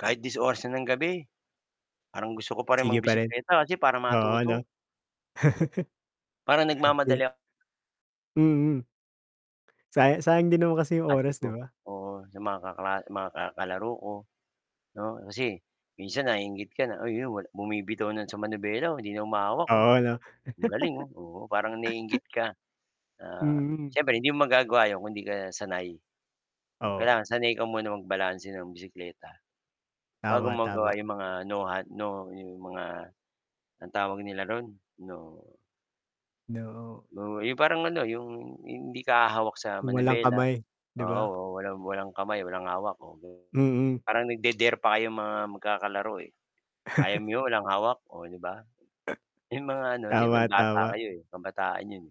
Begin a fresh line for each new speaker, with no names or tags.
Kahit dis-oras na ng gabi parang gusto ko pa rin
Sige pa rin.
mag-bisikleta kasi para
Oo,
matuto.
'no?
Parang
Di
nagmamadali
Mm. Saya sayang din naman kasi yung
Ate
oras,
ko,
'di ba?
oo. Sa mga kakla mga ka kalaro ko, no? Kasi minsan naiinggit ka na uy 'yon bumibitaw na sa manibela, oh, 'di na humahawak, oh.
Oo, 'no?
Ang galing oh, oo, parang naiinggit ka. Ah,
Mm.
siyempre hindi mo magagawa 'yon kung 'di ka sanay.
Oo.
Kailangan sanay ka muna magbalanse ng bisikleta bago
Tama,
mo
tama.
magawa yung mga no hand no yung mga ang tawag nila ro'n? No
No
no 'yong parang ano, 'yong hindi ka hahawak sa
Yung walang
manibela,
kamay, 'di ba?
oo. Wala walang kamay, walang hawak o ga
Mm.
parang nagde-dare pa kayong mga magkakalaro, eh, "Kaya mo 'yon, walang hawak?" Oh, 'di ba. Yung mga ano, siyempre
Tama,
bata
tama.
kayo eh, kabataan yun.